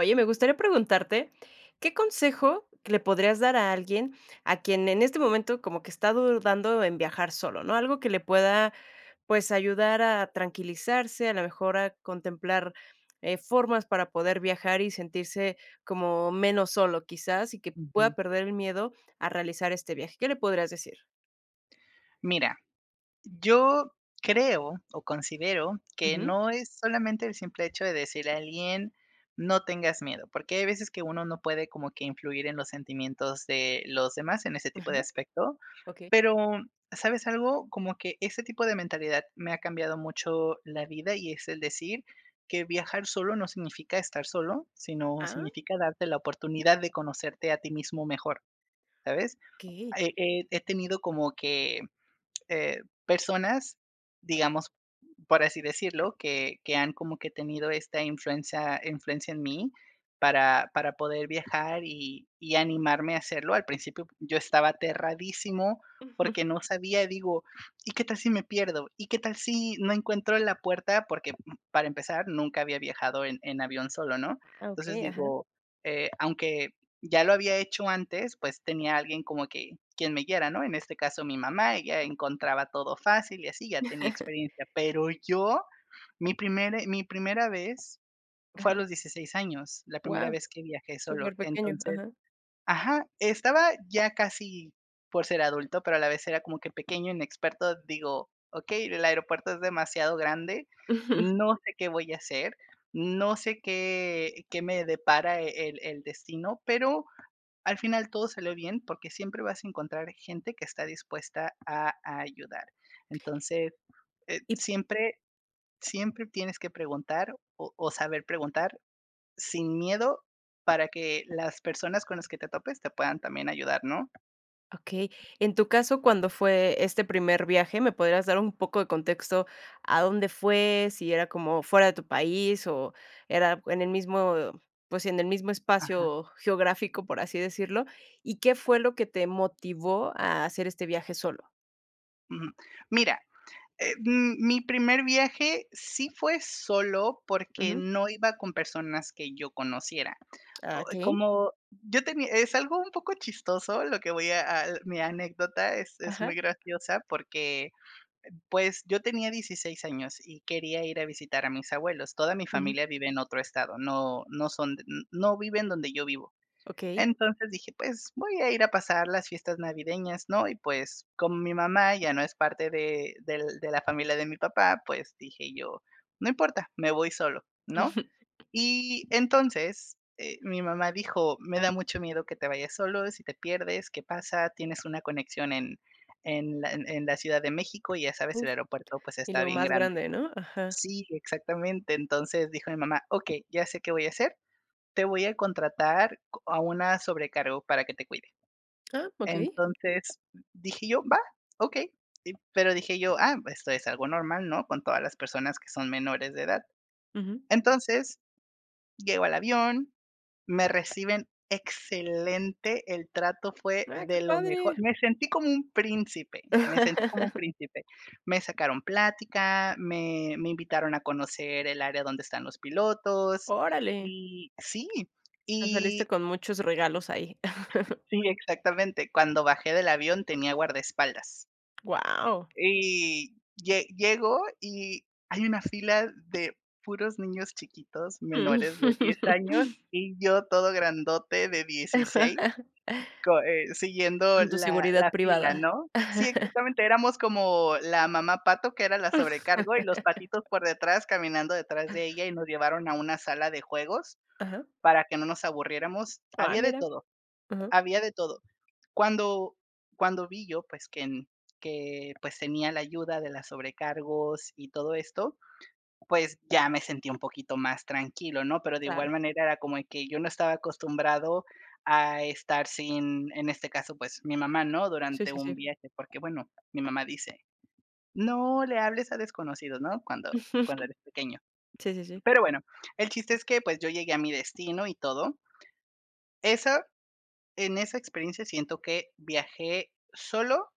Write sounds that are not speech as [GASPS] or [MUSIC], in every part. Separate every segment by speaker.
Speaker 1: Oye, me gustaría preguntarte, ¿qué consejo le podrías dar a alguien a quien en este momento como que está dudando en viajar solo, no?, algo que le pueda, pues, ayudar a tranquilizarse, a lo mejor a contemplar, eh, formas para poder viajar y sentirse como menos solo quizás, y que
Speaker 2: Ujú.
Speaker 1: pueda perder el miedo a realizar este viaje, ¿qué le podrías decir?
Speaker 2: Mira, yo creo o considero que
Speaker 1: Ujú.
Speaker 2: no es solamente el simple hecho de decirle a alguien no tengas miedo, porque hay veces que uno no puede como que influir en los sentimientos de los demás en ese tipo de
Speaker 1: Ajá.
Speaker 2: aspecto,
Speaker 1: Okey.
Speaker 2: pero, ¿sabes algo?, como que ese tipo de mentalidad me ha cambiado mucho la vida y es el decir que viajar solo no significa estar solo, sino
Speaker 1: Ah.
Speaker 2: significa darte la oportunidad de conocerte a ti mismo mejor, ¿sabes?,
Speaker 1: Okey.
Speaker 2: he he he tenido como que, eh, personas, digamos, por así decirlo, que que han como que tenido esta influencia influencia en mí, para para poder viajar y y animarme a hacerlo. Al principio, yo estaba aterradísimo
Speaker 1: Ujú.
Speaker 2: porque no sabía, digo, ¿y qué tal si me pierdo? ¿Y qué tal si no encuentro la puerta?, porque, uh, para empezar, nunca había viajado en en avión solo, ¿no?,
Speaker 1: Ah,
Speaker 2: entonces,
Speaker 1: okey, ajá.
Speaker 2: digo, eh, aunque ya lo había hecho antes, pues tenía alguien como que quien me guiara, ¿no?, en este caso, mi mamá, ella encontraba todo fácil y así, ya tenía
Speaker 1: [CHUCKLES]
Speaker 2: experiencia. Pero yo, mi primer mi primera vez fue a
Speaker 1: Ajá.
Speaker 2: los 16 años, la primera
Speaker 1: Guau,
Speaker 2: vez que viajé solo.
Speaker 1: superpequeño,
Speaker 2: Entonces,
Speaker 1: ajá.
Speaker 2: ajá, estaba ya casi por ser adulto, pero a la vez era como que pequeño, inexperto. Digo, okey, el aeropuerto es demasiado grande,
Speaker 1: Ujú.
Speaker 2: no sé qué voy a hacer, no sé qué qué me depara el el destino, pero al final todo salió bien porque siempre vas a encontrar gente que está dispuesta a ayudar. Entonces, eh, siempre siempre tienes que preguntar o o saber preguntar, sin miedo para que las personas con las que te topes te puedan también ayudar, ¿no?
Speaker 1: Okey. En tu caso, cuando fue este primer viaje, ¿me podrías dar un poco de contexto a dónde fue, si era como fuera de tu país, o era en el mismo, pues sí, en el mismo
Speaker 2: Ajá.
Speaker 1: espacio geográfico, por así decirlo, y qué fue lo que te motivó a hacer este viaje solo?
Speaker 2: Ujú, mira, eh, m mi primer viaje sí fue sólo porque
Speaker 1: Ujú.
Speaker 2: no iba con personas que yo conociera. O,
Speaker 1: Ah, okey.
Speaker 2: como yo tenía es algo un poco chistoso lo que voy a a, mi anécdota es es
Speaker 1: Ajá.
Speaker 2: muy graciosa porque, pues, yo tenía 16 años y quería ir a visitar a mis abuelos. Toda mi
Speaker 1: Ujú.
Speaker 2: familia vive en otro estado, no no son no viven donde yo vivo.
Speaker 1: Okey.
Speaker 2: Entonces, dije: "Pues, voy a ir a pasar las fiestas navideñas", ¿no?, y pues, con mi mamá ya no es parte de del de la familia de mi papá, pues, dije yo: "No importa, me voy solo", ¿no?,
Speaker 1: Ujú.
Speaker 2: y entonces, eh, mi mamá dijo: "Me da mucho miedo que te vayas solo, si te pierdes, ¿qué pasa?, tienes una conexión en en la en la Ciudad de México y ya sabes,
Speaker 1: Uf,
Speaker 2: el aeropuerto pues
Speaker 1: y
Speaker 2: está
Speaker 1: lo
Speaker 2: bien
Speaker 1: más
Speaker 2: grande".
Speaker 1: grande, ¿no? Ajá.
Speaker 2: Sí, exactamente. Entonces, dijo mi mamá: "Okey, ya sé qué voy a hacer, te voy a contratar co a una sobrecargo para que te cuide".
Speaker 1: Ah, okey.
Speaker 2: Entonces, dije yo: "Va, okey". Y pero dije yo: "Ah, esto es algo normal, ¿no?, con todas las personas que son menores de edad".
Speaker 1: Ujú.
Speaker 2: Entonces, llego al avión, me reciben excelente, el trato fue
Speaker 1: Ay, ¡qué
Speaker 2: de lo mejor.
Speaker 1: padre!
Speaker 2: Me sentí como un príncipe, me sentí como un
Speaker 1: [CHUCKLES]
Speaker 2: príncipe. Me sacaron plática, me me invitaron a conocer el área donde están los pilotos
Speaker 1: Órale.
Speaker 2: y sí
Speaker 1: Me
Speaker 2: y
Speaker 1: saliste con muchos regalos ahí. [CHUCKLES]
Speaker 2: sí, exactamente. Cuando bajé del avión tenía guardaespaldas.
Speaker 1: Guau.
Speaker 2: Y lle llego y hay una fila de puros niños chiquitos menores de 10 años
Speaker 1: [LAUGHS]
Speaker 2: y yo todo grandote de 16
Speaker 1: [LAUGHS]
Speaker 2: co e siguiendo
Speaker 1: Con tu
Speaker 2: la
Speaker 1: seguridad
Speaker 2: la fila
Speaker 1: privada.
Speaker 2: ¿no? Sí,
Speaker 1: [CHUCKLES]
Speaker 2: exactamente, éramos como la mamá pato, que era la sobrecargo y los patitos
Speaker 1: [LAUGHS]
Speaker 2: por detrás, caminando detrás de ella y nos llevaron a una sala de juegos
Speaker 1: Ajá.
Speaker 2: para que no nos aburriéramos.
Speaker 1: Ah,
Speaker 2: Había de
Speaker 1: mira.
Speaker 2: todo,
Speaker 1: Ajá.
Speaker 2: había de todo. Cuando cuando vi yo, pues, que que, pues, que tenía la ayuda de la sobrecargos y todo esto, pues, ya me sentí un poquito más tranquilo, ¿no?, pero de
Speaker 1: Claro.
Speaker 2: igual manera, era como que yo no estaba acostumbrado a estar sin, en este caso, pues, mi mamá, ¿no?,
Speaker 1: Si,
Speaker 2: durante
Speaker 1: si,
Speaker 2: un
Speaker 1: si.
Speaker 2: viaje, porque, bueno, mi mamá dice: "No le hables a desconocidos, ¿no?, cuando cuando eres pequeño".
Speaker 1: [GIGGLES] Si, si, si.
Speaker 2: Pero bueno, el chiste es que, pues, yo llegué a mi destino y todo. Eso en esa experiencia siento que viajé solo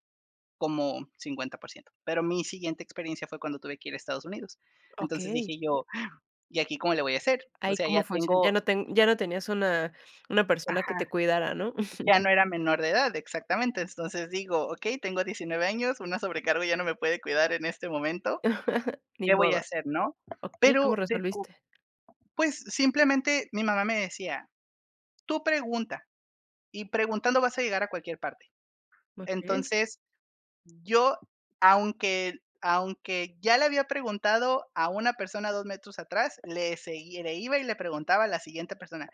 Speaker 2: como 50 %. Pero mi siguiente experiencia fue cuando tuve que ir a Estados Unidos. Entonces,
Speaker 1: Okey.
Speaker 2: dije yo: [GASPS] "¿Y aquí cómo le voy a hacer? O
Speaker 1: ¿Ahí
Speaker 2: sea,
Speaker 1: cómo
Speaker 2: ya
Speaker 1: funciona? Ya
Speaker 2: tengo
Speaker 1: no ten
Speaker 2: [UNINTELLIGIBLE]
Speaker 1: ya no tenías una una persona que
Speaker 2: Ajá.
Speaker 1: te cuidara, ¿no? [SCOFFS]
Speaker 2: Ya no era menor de edad, exactamente. Entonces, digo, okey, tengo 19 años, una sobrecargo ya no me puede cuidar en este momento,
Speaker 1: [CHUCKLES] Ni
Speaker 2: ¿qué voy a
Speaker 1: modo.
Speaker 2: hacer?, ¿no?
Speaker 1: Okey, ¿cómo
Speaker 2: Pero, descu
Speaker 1: resolviste?
Speaker 2: pues simplemente, mi mamá me decía: "Tú pregunta, y preguntando vas a llegar a cualquier parte".
Speaker 1: Okey.
Speaker 2: Entonces, yo, aunque aunque ya le había preguntado a una persona 2 metros atrás, le seguía le iba y le preguntaba a la siguiente persona: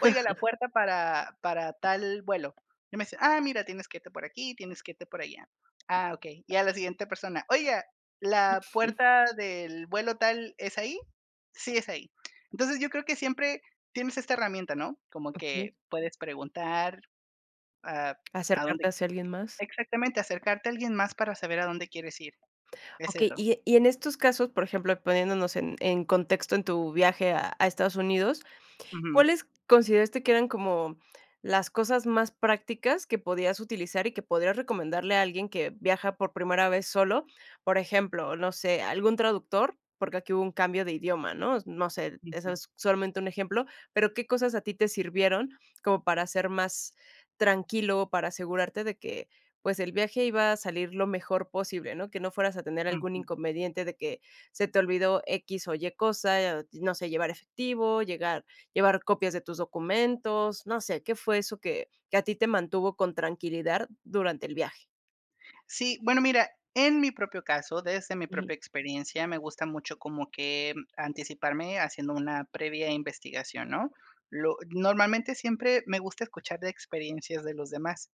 Speaker 2: "Oiga, la puerta para para tal vuelo", y me decían: "Ah, mira, tienes que irte por aquí, tienes que irte por allá". "Ah, okey". Y a la siguiente persona: "Oiga, ¿la
Speaker 1: [GIGGLES]
Speaker 2: puerta del vuelo tal es ahí? 'Sí, es ahí'". Entonces, yo creo que siempre tienes esa herramienta, ¿no?, como que
Speaker 1: Okey.
Speaker 2: puedes preguntar a a donde
Speaker 1: Acercarte hacia alguien más.
Speaker 2: Exactamente, acercarte a alguien más para saber a dónde quieres ir. Es
Speaker 1: Okey,
Speaker 2: eso.
Speaker 1: y e y en estos casos, por ejemplo, poniéndonos en en contexto en tu viaje a a Estados Unidos,
Speaker 2: Ujú
Speaker 1: ¿cuáles consideraste que eran como las cosas más prácticas que podías utilizar y que podrías recomendarle a alguien que viaja por primera vez solo? Por ejemplo, no sé, algún traductor, porque aquí hubo un cambio de idioma, ¿no? No sé, eso
Speaker 2: Ujú.
Speaker 1: es solamente un ejemplo, pero, ¿qué cosas a ti te sirvieron, como para hacer más tranquilo, para asegurarte de que, pues, el viaje iba a salir lo mejor posible, ¿no? Que no fueras a tener algún
Speaker 2: Ujú.
Speaker 1: inconveniente de que se te olvidó equis o ye cosa, eh, no sé, llevar efectivo, llegar llevar copias de tus documentos, no sé, ¿qué fue eso que que a ti te mantuvo con tranquilidad durante el viaje?
Speaker 2: Sí, bueno, mira, en mi propio caso, desde mi
Speaker 1: Ujú.
Speaker 2: propia experiencia, me gusta mucho como que anticiparme haciendo una previa investigación, ¿no? Lo normalmente, siempre me gusta escuchar de experiencias de los demás.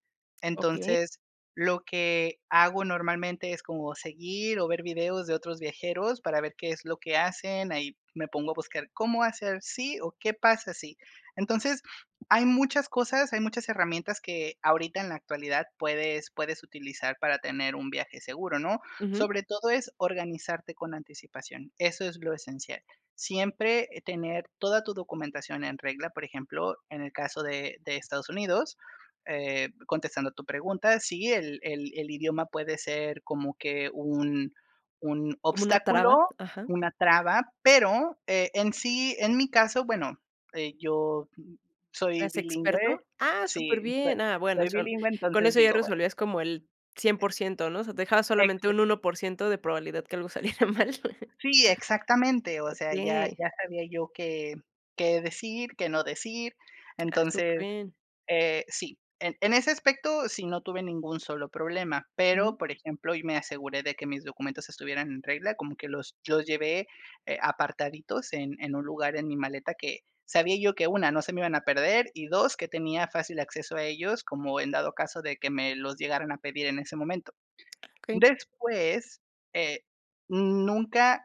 Speaker 1: Okey.
Speaker 2: Entonces, lo que hago normalmente es como seguir o ver videos de otros viajeros para ver qué es lo que hacen, ahí me pongo a buscar cómo hacer si o qué pasa si. Entonces, [SNIFFS] hay muchas cosas, hay muchas herramientas que ahorita en la actualidad puedes puedes utilizar para tener un viaje seguro, ¿no?
Speaker 1: Ujú.
Speaker 2: Sobre todo es organizarte con anticipación, eso es lo esencial. Siempre, eh, tener toda tu documentación en regla, por ejemplo, en el caso de de Estados Unidos, eh, contestando a tu pregunta, sí, el el el idioma puede ser como que un un
Speaker 1: Como una traba,
Speaker 2: obstáculo,
Speaker 1: ajá.
Speaker 2: una traba. Pero, eh, en sí en mi caso, bueno, eh, yo soy
Speaker 1: ¿Eras experto?
Speaker 2: bilingüe
Speaker 1: ¡Ah!,
Speaker 2: sí, soy
Speaker 1: superbién. Ah, bueno,
Speaker 2: soy
Speaker 1: son
Speaker 2: bilingüe,
Speaker 1: con
Speaker 2: entonces
Speaker 1: eso ya
Speaker 2: digo, bueno.
Speaker 1: resolvías como el cien
Speaker 2: Eh
Speaker 1: por ciento, ¿no? O sea, dejabas solamente
Speaker 2: Exac
Speaker 1: 1% de probabilidad que algo saliera mal. [CHUCKLES]
Speaker 2: Si, exactamente, o sea, ya
Speaker 1: Okey.
Speaker 2: ya sabía yo qué qué decir, qué no decir.
Speaker 1: [SMACKS LIPS] Ah,
Speaker 2: Entonces,
Speaker 1: superbién.
Speaker 2: eh, sí. En en ese aspecto, sí, no tuve ningún solo problema. Pero,
Speaker 1: Mm.
Speaker 2: por ejemplo, y me aseguré de que mis documentos estuvieran en regla, como que los los llevé, eh, apartaditos en en un lugar en mi maleta que sabía yo que, 1, no se me iban a perder y 2, que tenía fácil acceso a ellos, como en dado caso de que me los llegaran a pedir en ese momento.
Speaker 1: Okey.
Speaker 2: Después, eh, nunca,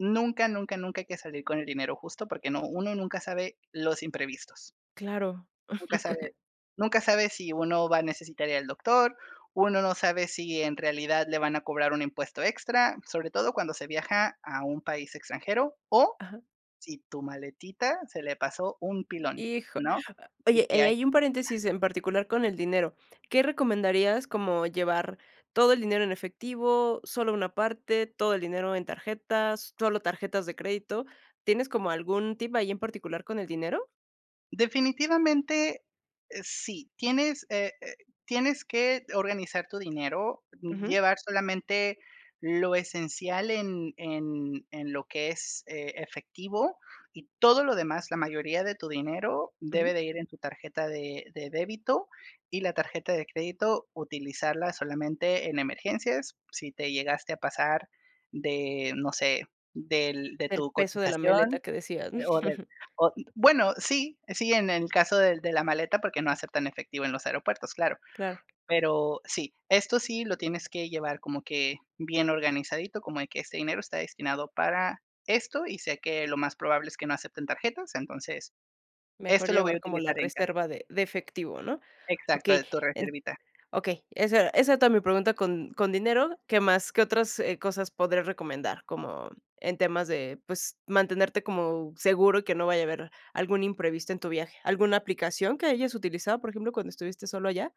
Speaker 2: nunca, nunca, nunca hay que salir con el dinero justo, porque no uno nunca sabe los imprevistos.
Speaker 1: Claro.
Speaker 2: Nunca sabe nunca sabe, si uno va
Speaker 1: [LAUGHS]
Speaker 2: a necesitar allá al doctor. Uno no sabe, si en realidad le van a cobrar un impuesto extra, sobre todo cuando se viaja a un país extranjero. O,
Speaker 1: Ajá.
Speaker 2: si tu maletita se le pasó un pilón,
Speaker 1: Hijole.
Speaker 2: ¿no? Y
Speaker 1: Oye,
Speaker 2: que
Speaker 1: eh,
Speaker 2: hay
Speaker 1: ahí un paréntesis, en particular con el dinero. ¿Qué recomendarías? Como llevar ¿Todo el dinero en efectivo, sólo una parte, todo el dinero en tarjetas, sólo tarjetas de crédito? ¿Tienes como, algún tip ahí, en particular con el dinero?
Speaker 2: Definitivamente, eh, sí. Tienes, eh, eh, tienes que organizar tu dinero.
Speaker 1: Ujú.
Speaker 2: Llevar solamente lo esencial, en en en lo que es, eh, efectivo. Y todo lo demás, la mayoría de tu dinero, debe
Speaker 1: Ujú.
Speaker 2: de ir en tu tarjeta de de débito. Y la tarjeta de crédito, utilizarla solamente en emergencias. Si te llegaste a pasar de, no sé, del De
Speaker 1: Del
Speaker 2: tu
Speaker 1: peso de la maleta
Speaker 2: cotización,
Speaker 1: que decías, m
Speaker 2: o de
Speaker 1: [GIGGLES]
Speaker 2: o, bueno, sí, sí, en en caso del de la maleta, porque no aceptan efectivo en los aeropuertos, claro.
Speaker 1: Claro.
Speaker 2: Pero sí, esto sí lo tienes que llevar como que, bien organizadito, como de que, ese dinero está destinado para esto, y sé que lo más probable es que no acepten tarjetas. Entonces,
Speaker 1: Mejor
Speaker 2: esto lo voy a
Speaker 1: llevar, como la
Speaker 2: utilizar en ca
Speaker 1: reserva de de efectivo, ¿no?
Speaker 2: Exacto,
Speaker 1: Okey,
Speaker 2: de tu
Speaker 1: en
Speaker 2: reservita.
Speaker 1: Okey, esa era esa tam mi pregunta con con dinero. ¿Qué más? ¿Qué otras, eh, cosas podrías recomendar? Como, en temas de Pues, mantenerte como seguro, y que no vaya a haber algún imprevisto en tu viaje. ¿Alguna aplicación que hayas utilizado, por ejemplo, cuando estuviste solo allá?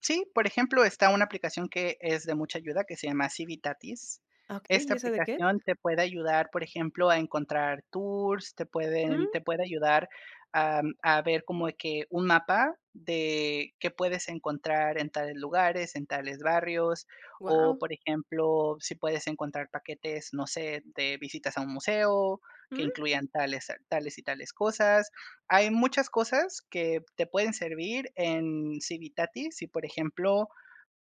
Speaker 2: Sí, por ejemplo, está una aplicación que es de mucha ayuda que se llama Civitatis,
Speaker 1: Okey,
Speaker 2: esta
Speaker 1: ¿y esa de qué es?
Speaker 2: aplicación te puede ayudar, por ejemplo, a encontrar tours, te pueden
Speaker 1: Mm.
Speaker 2: te puede ayudar a a ver como que un mapa de qué puedes encontrar en tales lugares, en tales barrios, o,
Speaker 1: Guau.
Speaker 2: por ejemplo, si puedes encontrar paquetes, no sé, de visitas a un museo, que
Speaker 1: Mm.
Speaker 2: incluyan tales, tales y tales cosas, hay muchas cosas que te pueden servir en Civitatis, si, por ejemplo,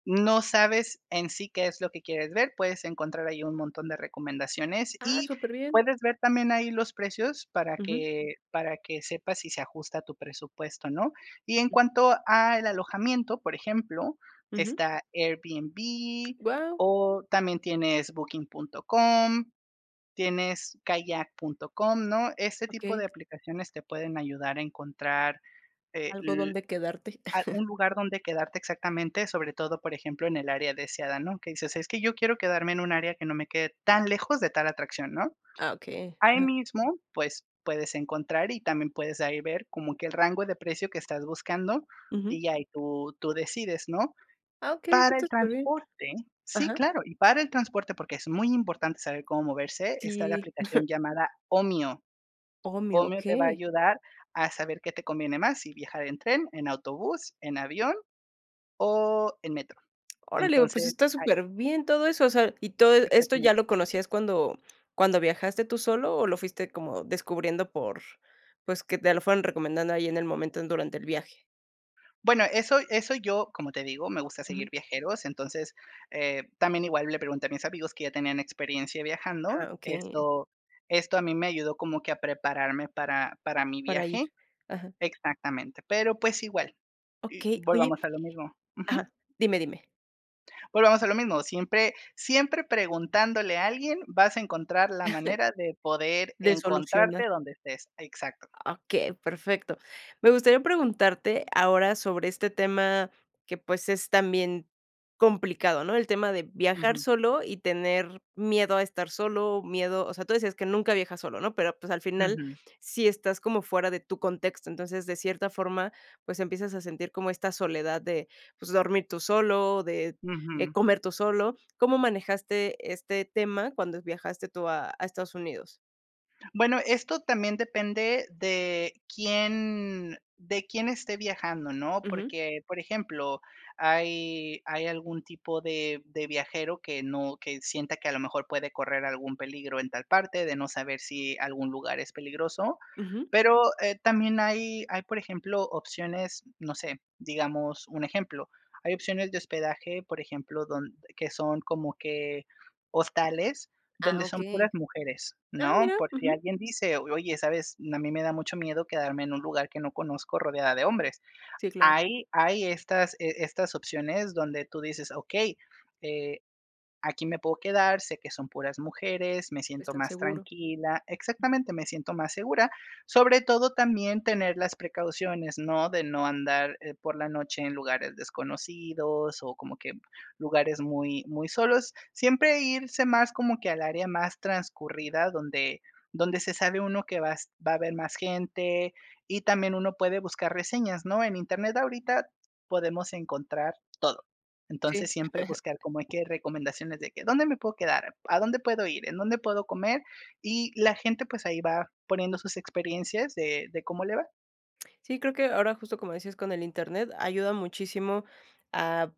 Speaker 2: no sabes en sí, qué es lo que quieres ver, puedes encontrar ahí un montón de recomendaciones
Speaker 1: Ah,
Speaker 2: y
Speaker 1: superbién.
Speaker 2: puedes ver también ahí los precios para
Speaker 1: Ujú.
Speaker 2: que para que sepas si se ajusta a tu presupuesto o no, y en cuanto al alojamiento, por ejemplo,
Speaker 1: Ujú.
Speaker 2: está Airbnb
Speaker 1: Guau.
Speaker 2: o también tienes Booking.com, tienes kayak.com, ¿no?, ese tipo
Speaker 1: Okey.
Speaker 2: de aplicaciones te pueden ayudar a encontrar
Speaker 1: Algo
Speaker 2: el,
Speaker 1: donde quedarte.
Speaker 2: a un
Speaker 1: [CHUCKLES]
Speaker 2: lugar donde quedarte exactamente, sobre todo, por ejemplo, en el área deseada, ¿no?, que dices: "Es que yo quiero quedarme en un área que no me quede tan lejos de tal atracción", ¿no?,
Speaker 1: Ah, okey,
Speaker 2: ahí
Speaker 1: ajá.
Speaker 2: mismo, pues, puedes encontrar y también puedes ahí ver como que el rango de precio que estás buscando
Speaker 1: Ujú.
Speaker 2: y ya ahí tú tú decides, ¿no?,
Speaker 1: Ah, okey, eso
Speaker 2: para el
Speaker 1: está superbién,
Speaker 2: transporte, sí,
Speaker 1: ajá.
Speaker 2: claro, y para el transporte, porque es muy importante saber cómo moverse, está la
Speaker 1: Sí.
Speaker 2: aplicación
Speaker 1: [CHUCKLES]
Speaker 2: llamada Omio.
Speaker 1: Omio,
Speaker 2: Omio te va a
Speaker 1: okey.
Speaker 2: ayudar a saber qué te conviene más, si viajar en tren, en autobús, en avión o en metro,
Speaker 1: Órale, pues,
Speaker 2: entonces
Speaker 1: está
Speaker 2: hay
Speaker 1: superbién todo eso, o sea, ¿y todo esto
Speaker 2: exactamente.
Speaker 1: ya lo conocías cuando cuando viajaste tú solo o lo fuiste como descubriendo por, pues, que te lo fueron recomendando ahí en el momento durante el viaje?
Speaker 2: Bueno, eso eso yo, como te digo, me gusta
Speaker 1: Mm.
Speaker 2: seguir viajeros. Entonces, eh, también igual le pregunté a mis amigos que ya tenían experiencia viajando.
Speaker 1: Ah, okey.
Speaker 2: Esto esto a mí me ayudó como que a prepararme para para mi
Speaker 1: Para ir.
Speaker 2: viaje
Speaker 1: Ajá.
Speaker 2: exactamente, pero, pues igual. Y
Speaker 1: Okey, oye
Speaker 2: volvamos a lo mismo.
Speaker 1: ajá.
Speaker 2: Ujú.
Speaker 1: Dime dime.
Speaker 2: Volvamos a lo mismo, siempre siempre preguntándole a alguien, vas a encontrar la
Speaker 1: [CHUCKLES]
Speaker 2: manera de poder
Speaker 1: De solucionar.
Speaker 2: encontrarte donde estés, exacto.
Speaker 1: Ah, okey, perfecto. Me gustaría preguntarte ahora sobre este tema que, pues, es también complicado, ¿no?, el tema de viajar
Speaker 2: Ujú.
Speaker 1: solo y tener miedo a estar solo, miedo, o sea, tú decías que nunca viajas solo, ¿no?, pero, pues, al final,
Speaker 2: Ujú.
Speaker 1: sí estás como fuera de tu contexto. Entonces, de cierta forma, pues, empiezas a sentir como esta soledad de, pues, dormir tú solo, de, eh,
Speaker 2: Ujú.
Speaker 1: comer tú solo, ¿cómo manejaste este tema cuando viajaste tú a a Estados Unidos?
Speaker 2: Bueno, esto también depende de quién de quién esté viajando, ¿no?,
Speaker 1: Ujú.
Speaker 2: porque, por ejemplo, hay hay algún tipo de de viajero que no que sienta que a lo mejor puede correr algún peligro en tal parte, de no saber si algún lugar es peligroso.
Speaker 1: Ujú.
Speaker 2: Pero, eh, también hay hay, por ejemplo, opciones, no sé, digamos, un ejemplo, hay opciones de hospedaje, por ejemplo, donde que son como que hostales
Speaker 1: Ah,
Speaker 2: donde son
Speaker 1: okey.
Speaker 2: puras mujeres,
Speaker 1: Ah,
Speaker 2: ¿no?,
Speaker 1: mira.
Speaker 2: por si
Speaker 1: Ujú.
Speaker 2: alguien dice: "Oye, ¿sabes?, A mí me da mucho miedo quedarme en un lugar que no conozco rodeada de hombres".
Speaker 1: Sí, claro.
Speaker 2: Hay hay estas estas opciones donde tú dices: "Okey, eh, aquí me puedo quedar, sé que son puras mujeres, me siento
Speaker 1: Están
Speaker 2: más
Speaker 1: seguro.
Speaker 2: tranquila". Exactamente, me siento más segura. Sobre todo, también tener las precauciones, ¿no?, de no andar por la noche en lugares desconocidos o como que lugares muy muy solos. Siempre irse más como que al área más transcurrida, donde donde se sabe uno que va va a haber más gente, y también uno puede buscar reseñas, ¿no?, en Internet ahorita podemos encontrar todo. Entonces,
Speaker 1: Sí.
Speaker 2: siempre buscar
Speaker 1: [LAUGHS]
Speaker 2: como hay que recomendaciones de que: ¿Dónde me puedo quedar?, ¿A dónde puedo ir?, ¿En dónde puedo comer? Y la gente, pues, ahí va poniendo sus experiencias de de cómo le va.
Speaker 1: Sí, creo que ahora justo, como decías, con el Internet, ayuda muchísimo a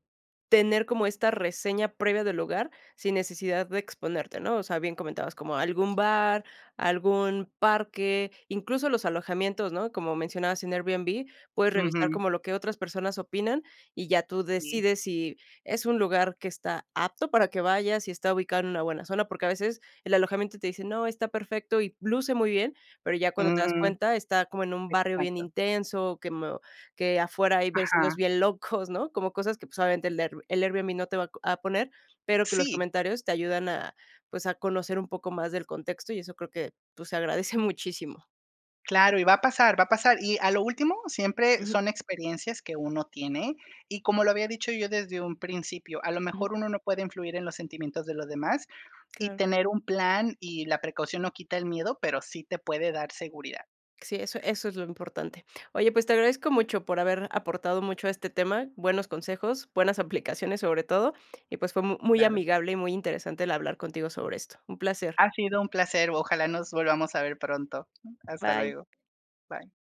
Speaker 1: tener como esta reseña previa del lugar, sin necesidad de exponerte, ¿no? O sea, bien comentabas, como algún bar, algún parque, incluso los alojamientos, ¿no? Como mencionabas en Airbnb, puedes revisar
Speaker 2: Ujú.
Speaker 1: como lo que otras personas opinan y ya tú
Speaker 2: Si.
Speaker 1: decides si es un lugar que está apto para que vayas si está ubicado en una buena zona. Porque a veces el alojamiento te dice: "No, está perfecto y luce muy bien", pero ya cuando te das
Speaker 2: Mm.
Speaker 1: cuenta, está como en un barrio bien
Speaker 2: Exacto.
Speaker 1: intenso, que mo que afuera hay vecinos
Speaker 2: Ajá.
Speaker 1: bien locos, [CHUCKLES] ¿no? Como cosas que, pues, obviamente el airb el Airbnb no te va a co a poner, pero que los
Speaker 2: Sí.
Speaker 1: comentarios te ayudan a, pues, a conocer un poco más del contexto y eso creo que, pues, se agradece muchísimo.
Speaker 2: Claro, y va a pasar va a pasar. Y a lo último, siempre
Speaker 1: Ujú.
Speaker 2: son experiencias que uno tiene, y como lo había dicho yo desde un principio, a lo
Speaker 1: Ujú.
Speaker 2: mejor uno no puede influir en los sentimientos de los demás, y
Speaker 1: Claro.
Speaker 2: tener un plan y la precaución no quita el miedo, pero sí te puede dar seguridad.
Speaker 1: Sí, eso eso es lo importante. Oye, pues, te agradezco mucho por haber aportado mucho a este tema, buenos consejos, buenas aplicaciones sobre todo y, pues, fue muy
Speaker 2: Claro.
Speaker 1: amigable y muy interesante el hablar contigo sobre esto. Un placer.
Speaker 2: Ha sido un placer. Ojalá nos volvamos a ver pronto. Hasta
Speaker 1: Bye.
Speaker 2: luego. Bye.